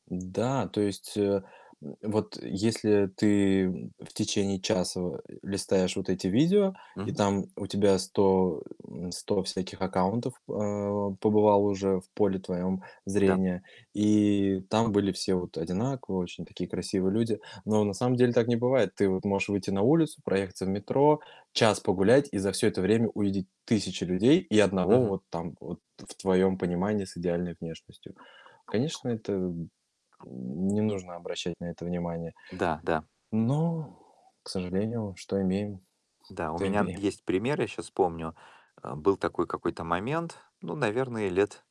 Да, то есть, э, н вот если ты, м, в течение часа, а, листаешь вот эти видео, и Мгм. там у тебя 100, м, 100 всяких аккаунтов, а, побывало уже в поле твоем М-да. зрения, и там были все вот одинаковые, очень такие красивые люди. Но на самом деле так не бывает. Ты вот можешь выйти на улицу, проехаться в метро, час погулять, и за всё это время увидеть тысячи людей и 1 Мгм. вот там вот в твоем понимании с идеальной внешностью. Конечно, это не нужно обращать на это внимание. Да-да. Но, к сожалению, что имеем, Да, у то меня н имеем. есть пример, я щас помню. Э, был такой какой-то момент. Ну, наверное, лет